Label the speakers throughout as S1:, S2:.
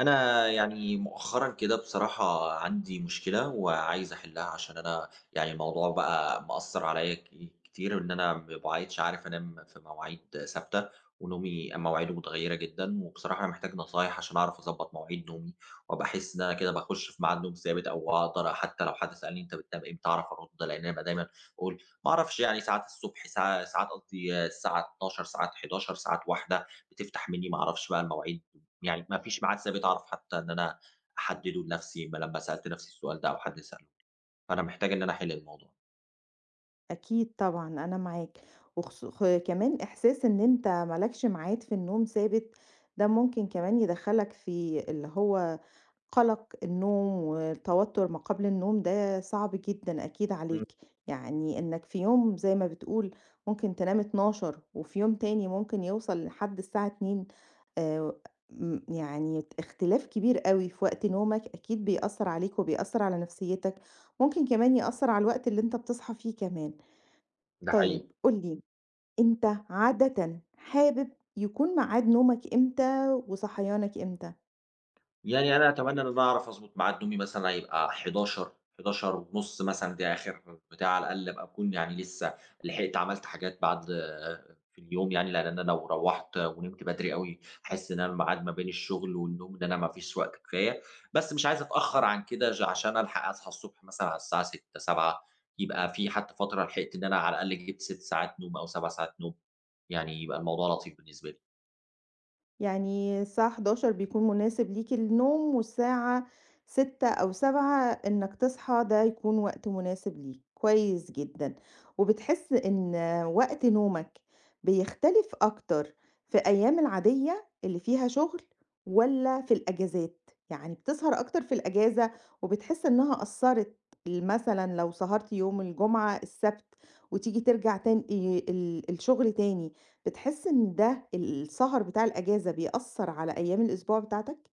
S1: أنا يعني مؤخَّرًا كده بصراحة عندي مشكلة وعايِز أحلِّها، عشان أنا يعني الموضوع بقى مأثِّر عليَّ ك كتير، إن أنا ما بقِيتِش عارِف أنام في مواعيد ثابِتة ونومي مواعيده متغيِّرة جدًا وبصراحة أنا محتاج نصايِح عشان أعرَف أضبِّط مواعيد نومي، وأبقى أحس إن أنا كده باخُشّ في ميعاد نوم ثابِت أو أقدَر حتى لو حد سألني: "أنتَ بتنام إمتى؟" أعرَف أرُدّ. لإن أنا بابقى دايمًا أقول: "ما أعرَفش، يعني ساعات الصبح، ساع ساعات قصدي الساعة 00:00، ساعات 23:00، ساعات 01:00." بتفتَح مِنِّي، ما أعرَفش بقى المواعيد يعني مفيش ميعاد ثابِت أعرف حتى إن أنا أحدِّده لنفسي ما لمَّا سألت نفسي السؤال ده، أو حد سأله لي، فأنا محتاج إن أنا أحِلّ الموضوع.
S2: أكيد طبعًا أنا معاك. وخصو خ كمان إحساس إن أنتَ مالكش ميعاد في النوم ثابِت، ده ممكن كمان يدخِّلَك في اللي هو قلَق النوم وتوتُّر ما قبل النوم، ده صعب جدًا أكيد
S1: إمم.
S2: عليك، يعني إنَّك في يوم زي ما بتقول ممكن تنام 00:00 وفي يوم تاني ممكن يوصل لحد الساعة 02:00، آآ، آمم، يعني اختلاف كبير أوي في وقت نومك، أكيد بيأثِّر عليك وبيأثّر على نفسيَّتَك، ممكن كمان يأثّر على الوقت اللي أنتَ بتصحى فيه كمان.
S1: ده
S2: طيب
S1: حقيقي.
S2: قُل لي، أنتَ عادةً حابِب يكون ميعاد نومَك إمتى وصحيانَك إمتى؟
S1: يعني أنا أتمنى إن أنا أعرف أضبط ميعاد نومي مثلًا هيبقى 23:00، 23:30 ونُص مثلًا، ده آخر بتاع على الأقل أبقى أكون يعني لسّه لحقت عملت حاجات بعد في اليوم يعني، لأن أنا لو روَّحت ونمت بدري أوي، أحس إن أنا ميعاد ما بين الشغل والنوم ده أنا ما فيش وقت كفاية، بس مش عايز أتأخر عن كده ج عشان ألحق أصحى الصبح مثلًا على الساعة 06:00، 07:00 يبقى في حتّى فترة لحقت إن أنا على الأقل جبت 6 ساعات نوم أو 7 ساعات نوم، يعني يبقى الموضوع لطيف بالنسبة لي.
S2: يعني الساعة 23:00 بيكون مناسب ليك النوم والساعة، 06:00 أو 07:00 إنّك تصحى ده يكون وقت مناسب ليك، كويّس جدًا. وبتحس إن وقت نومك، بيختلف أكتر في أيّام العاديّة، اللي فيها شغل والّا في الأجازات؟ يعني بتسهر أكتر في الأجازة وبتحس إنّها أثرت ال مثلًا لو سَهرت يوم الجمعة، السبت، وتيجي ترجع تان آآ ال الشغل تاني، بتحس إن ده ال السهر بتاع الأجازة، بيأثر على أيّام الأسبوع بتاعتك؟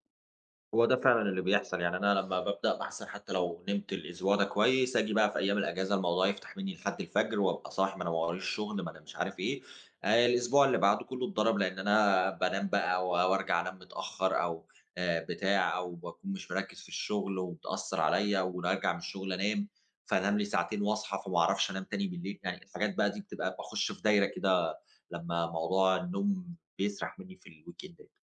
S1: هو ده فعلًا اللي بيحصل، يعني أنا لمّا بابدأ باحسن حتى لو نمت الأسبوع ده كويس، آجي بقى في ايام الأجازة، الموضوع يفتح مني لحد الفجر وابقى صاحي، ما أنا ما وراييش شغل، ما أنا مش عارف ايه، آآ الأسبوع اللي بعده كله اتضرب، لأن أنا بانام بقى و وارجع أنام متأخر أو آآ بتاع أو باكون مش مركّز في الشغل وبتأثر عليا وراجع من الشغل أنام، فانام لي ساعتين واصحى فما اعرفش أنام تاني بالليل، يعني الحاجات بقى دي بتبقى باخش في دايرة كده، لمّا موضوع النوم بيسرح مني في الweekend day.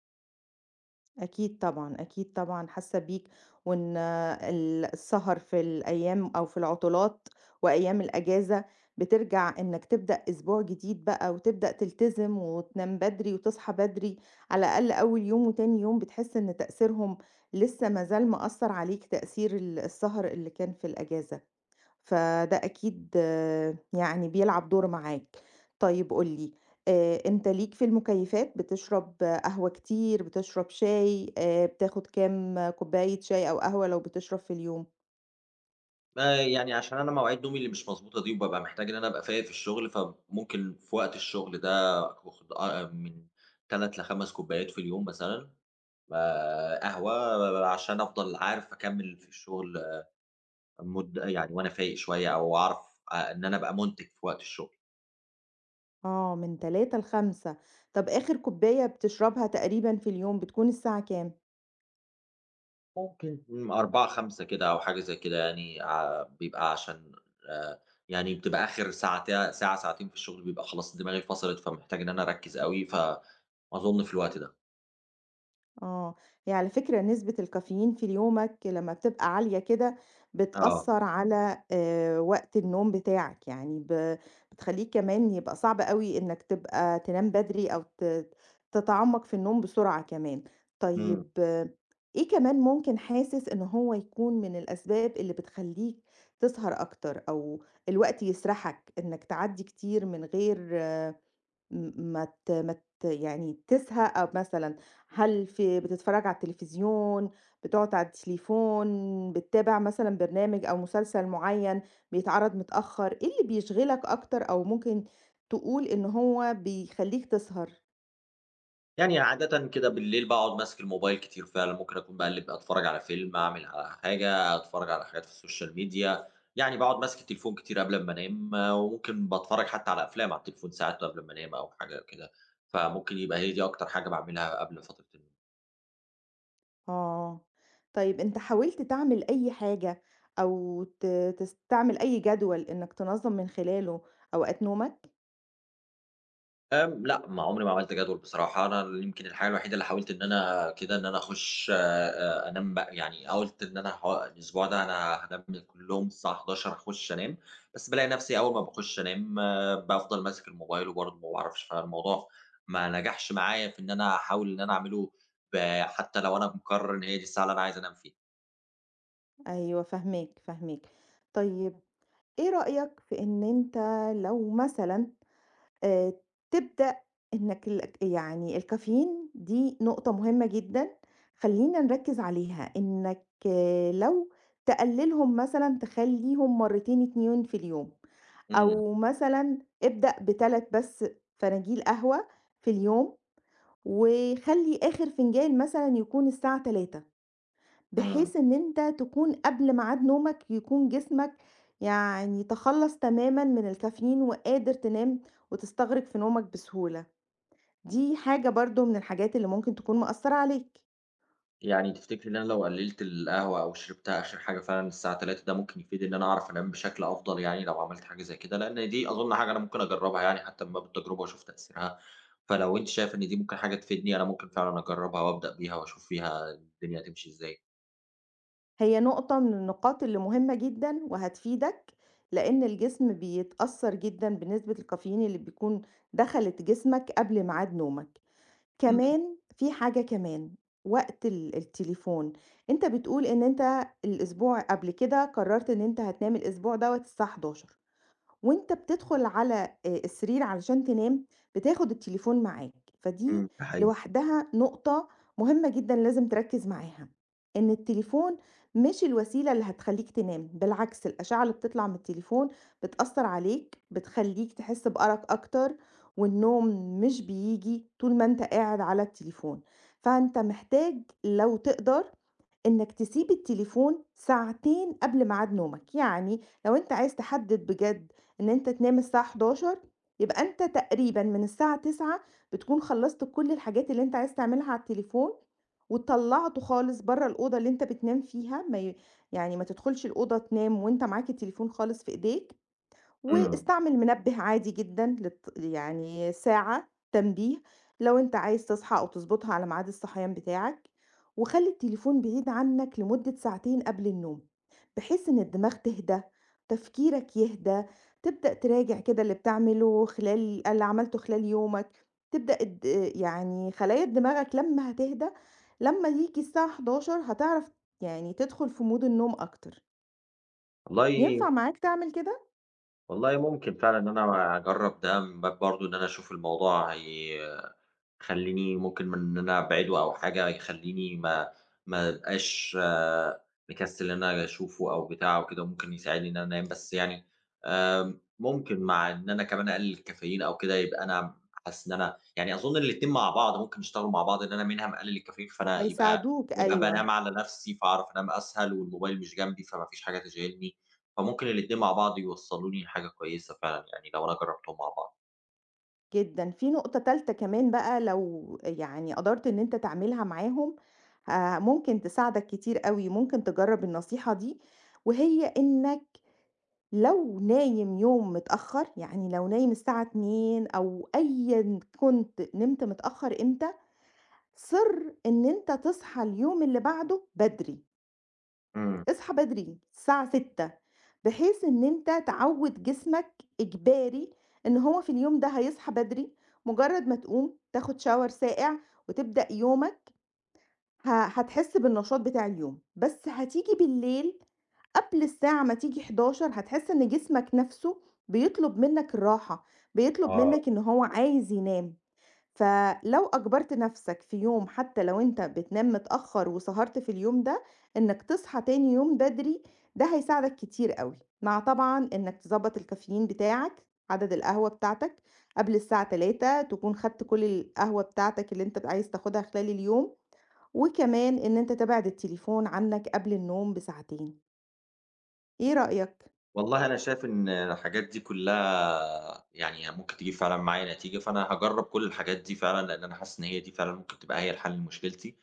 S2: أكيد طبعًا، أكيد طبعًا حاسّة بيك، وإن ال السهر في الأيّام أو في العُطلات وأيّام الأجازة، بترجع إنّك تبدأ أسبوع جديد بقى وتبدأ تلتزم وتنام بدري وتصحى بدري، على الأقل أوّل يوم وتاني يوم بتحس إن تأثيرهم، لسّه ما زال مأثّر عليك تأثير ال السهر اللي كان في الأجازة، فده أكيد يعني بيلعب دور معاك. طيّب قُل لي، آآ أنت ليك في المُكيّفات؟ بتشرب قهوة كتير، بتشرب شاي، آآ بتاخد كام كوباية شاي أو قهوة لو بتشرب في اليوم؟
S1: آآ يعني عشان أنا مواعيد نومي اللي مش مضبوطة دي وبابقى محتاج إن أنا أبقى فايق في الشُغل، فمُمكن في وقت الشُغل ده باخُد أ أ من 3 ل5 كوبّايات في اليوم مثلًا آآ قهوة و و عشان أفضل عارف أكمِّل في الشُغل مُدّة يعني وأنا فايق شوية أو أعرف آآ إن أنا أبقى مُنتِج في وقت الشُغل.
S2: آه، من 3 ل5. طَب آخِر كوبّاية بتشربها تقريبًا في اليوم بتكون الساعة كام؟
S1: مُمكن من 16:00 ل17:00 كده أو حاجة زي كده يعني ع بيبقى عشان آآ يعني بتبقى آخِر ساعتي ساعة، ساعتين في الشُغل بيبقى خلاص دماغي فَصَلت، فمحتاج إن أنا أركِّز أوي، ف أظُن في الوقت ده.
S2: آه، هي على فكرة نسبة الكافيين في ال يومك لمّا بتبقى عالية كده،
S1: آه.
S2: بتأَثّر على آآ وقت النوم بتاعك. يعني ب بتخلّيه كمان يبقى صعب أوي إنّك تبقى تنام بدري أو ت تتعمَّق في النوم بسرعة كمان.
S1: إمم.
S2: طيب، إيه كمان ممكن حاسِس إن هو يكون من الأسباب اللي بتخلّيك تسهر أكتر، أو الوقت يسَرحَك إنّك تعدّي كتير من غير م مت مت يعني تسهَى أ مثلًا هل في بتتفرّج على التليفزيون، بتقعُد على التليفون، بتتابع مثلًا برنامج أو مسلسل معيّن بيتعرض متأخّر؟ إيه اللي بيشغلك أكتر أو ممكن تقول إن هو بيخلّيك تسهر؟
S1: يعني عادةً كده بالليل باقعد ماسك الموبايل كتير فعلًا، ممكن أكون باقلّب ب اتفرج على فيلم، اعمل ع حاجة، أتفرج على حاجات في social media. يعني باقعد ماسك التليفون كتير قبل أما أنام، وممكن باتفرج حتى على أفلام على التليفون ساعات قبل أما أنام أو حاجة أو كده، فممكن يبقى هي دي أكتر حاجة باعملها قبل فترة النوم.
S2: آه، طيب أنت حاولت تعمل أي حاجة، أو ت تستعمل أي جدول إنك تنظم من خلاله أوقات نومك؟
S1: [unintelligible] لأ، ما عمري ما عملت جدول بصراحة، أنا ل يمكن الحاجة الوحيدة اللي حاولت إن أنا كده إن أنا اخُش أ أنام بقى يعني قُلت إن أنا احو الأسبوع ده أنا هانام من كلّهم الساعة 23:00 اخُش أنام، بس بالاقي نَفْسي أول ما باخُش أنام بافضل ماسك الموبايل وبرضه ما باعرفش، فالموضوع ما نجحش معايا في إن أنا أحاول إن أنا اعمله ب حتى لو أنا مقرر إن هي دي الساعة اللي أنا عايز أنام فيها.
S2: أيوه، فاهماك، فاهماك طيب إيه رأيك في إن أنت لو مثلًا آآ تبدأ إنك لك يعني الcaffeine دي نقطة مهمة جدًا خلّينا نركز عليها إنك لو تقللهم مثلًا تخلّيهم مرتين 2 في اليوم،
S1: إمم.
S2: أو مثلًا ابدأ ب3 بس فناجيل قهوة في اليوم، وخلّي آخر فنجان مثلًا يكون الساعة 15:00، بحيث
S1: إمم.
S2: إن أنت تكون قبل ميعاد نومك يكون جسمك يعني تخلص تمامًا من الcaffeine وقادر تنام وتستغرق في نومك بسهولة، دي حاجة برضه من الحاجات اللي ممكن تكون مأثرة عليك.
S1: يعني تفتكري إن أنا لو قلّلت القهوة أو شربتها آخر حاجة فعلًا الساعة 15:00 ده ممكن يفيد إن أنا أعرف أنام بشكل أفضل؟ يعني، لو عملت حاجة زي كده، لأن دي أظن حاجة أنا ممكن أجرّبها يعني حتى من باب التجربة، وأشوف تأثيرها. فلو أنتِ شايفة إن دي ممكن حاجة تفيدني، أنا ممكن فعلًا أجرّبها وأبدأ بيها، وأشوف فيها الدنيا هتمشي إزاي.
S2: هي نقطة من النقاط اللي مهمة جدًا، وهتفيدك، لإن الجسم بيتأثّر جدًا بنسبة الكافيين اللي بتكون دخلت جسمك قبل ميعاد نومك.
S1: امم.
S2: كمان، فيه حاجة كمان، وقت ال– التليفون. أنت بتقول إن أنت الأسبوع قبل كده قررت إن أنت هتنام الأسبوع دوّة الساعة 23:00 وأنت بتدخل على، آآ، السرير علشان تنام بتاخد التليفون معاك، فدي
S1: امم. ده حقيقي.
S2: لوحدها نقطة مُهمة جدًا لازم تركّز معاها، إن التليفون مش الوسيلة اللي هتخليك تنام، بالعكس الآشعة اللي بتطلع من التليفون بتأثّر عليك، بتخليك تحس بأرق أكتر، والنوم مش بييجي، طول ما أنت قاعد على التليفون، فأنت محتاج لو تقدر إنّك تسيب التليفون ساعتين قبل ميعاد نومك. يعني لو أنت عايز تحدد بجد إن أنت تنام الساعة 23:00 يبقى أنت تقريبًا من الساعة 21:00 بتكون خلصت كل الحاجات اللي أنت عايز تعملها على التليفون، وطلّعته خالص برّه الأوضة اللي أنت بتنام فيها، ما ي– يعني، ما تدخلش الأوضة تنام وأنت معاك التليفون خالص في إيديك،
S1: امم.
S2: واستعمل منبه عادي جدًا للت– يعني، ساعة، تنبيه، لو أنت عايز تصحى، أو تضبطها على ميعاد الصحيان بتاعك، وخلّي التليفون بعيد عنّك لمدّة ساعتين قبل النوم، بحيث إن الدماغ تهدى، تفكيرك يهدى، تبدأ تراجع كده اللي بتعمله خلال اللي عملته خلال يومك، تبدأ اد– يعني خلايا دماغك لمّا هتهدى، لمّا ييجي الساعة 23:00 هتعرف، يعني، تدخل في mode النوم أكتر.
S1: والله
S2: ينفع معاك تعمل كده؟
S1: والله ممكن فعلًا إن أنا أجرّب ده من باب برضو إن أنا أشوف الموضوع هي يخلّيني ممكن من إن أنا أبعِده أو حاجة يخلّيني ما ما ابقاش مكسّل إن آجي أشوفه أو بتاع أو كده، وممكن يساعدني إن أنا أنام بس يعني، آآ، ممكن مع إن أنا كمان أقلل الكافيين أو كده يبقى أنا أحس إن أنا يعني أظن الاتنين مع بعض ممكن يشتغلوا مع بعض إن أنا منها مقلّل الكافيين فأنا يبقى
S2: هيساعدوك
S1: يبقى
S2: أيوه.
S1: بانام على نَفْسي فأعرف أنام أسهل، والموبايل مش جنبي فما فيش حاجة تِشغلني، فممكن الاتنين مع بعض يوصلوني لحاجة كويّسة فعلًا يعني لو أنا جربتهم مع بعض.
S2: جدًا، في نقطة تالتة كمان بقى لو آآ، يعني قدرت إن أنت تعملها معاهم، آآ، ممكن تساعدك كتير أوي، ممكن تجرّب النصيحة دي، وهي إنّك لو نايم يوم متأخّر، يعني لو نايم الساعة 02:00 أو أيًا كُنت نمت متأخّر إمتى، صِرّ إن أنت تصحى اليوم اللي بعده بدري.
S1: امم.
S2: اصحى بدري، الساعة 06:00، بحيث إن أنت تعوّد جسمك، إجباري، إن هو في اليوم ده هيصحى بدري، مجرّد ما تقوم، تاخد Shower ساقع، وتبدأ يومك، ه هتحس بالنشاط بتاع اليوم، بس هتيجي بالليل، قبل الساعة ما تيجي 23:00 هتحس إن جسمك نَفْسه بيطلب منّك الراحة، بيطلب
S1: آه.
S2: منّك إن هو عايز ينام، فلو أجبرت نَفْسك في يوم حتّى لو أنت بتنام متأخّر وسهرت في اليوم ده، إنّك تصحى تاني يوم بدري، ده هيساعدك كتير أوي، مع طبعًا إنّك تضبّط الكافيين بتاعك، عدد القهوة بتاعتك، قبل الساعة 15:00 تكون خدت كُلّ القهوة بتاعتك اللي أنت عايز تاخدها خلال اليوم، وكمان إن أنت تبعد التليفون عنّك قبل النوم بساعتين. إيه رأيك؟
S1: والله أنا شايف إن الحاجات دي كلّها يعني هي ممكن تجيب فعلًا معايا نتيجة، فأنا هاجرّب كلّ الحاجات دي فعلًا، لأن أنا حاسس إن هي دي فعلًا ممكن تبقى هي الحل لمشكلتي،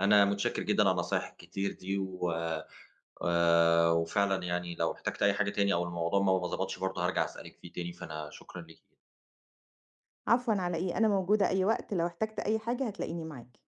S1: أنا مُتشكر جدًا على النصايح الكتير دي و آآ، وفعلًا يعني لو احتجت أي حاجة تاني أو الموضوع ما ب ما ضبطش برضو هارجع أسألِك فيه تاني، فأنا شكرًا ليكِ.
S2: عفوًا، على إيه؟ أنا موجودة أي وقت لو احتجت أي حاجة هتلاقيني معاك.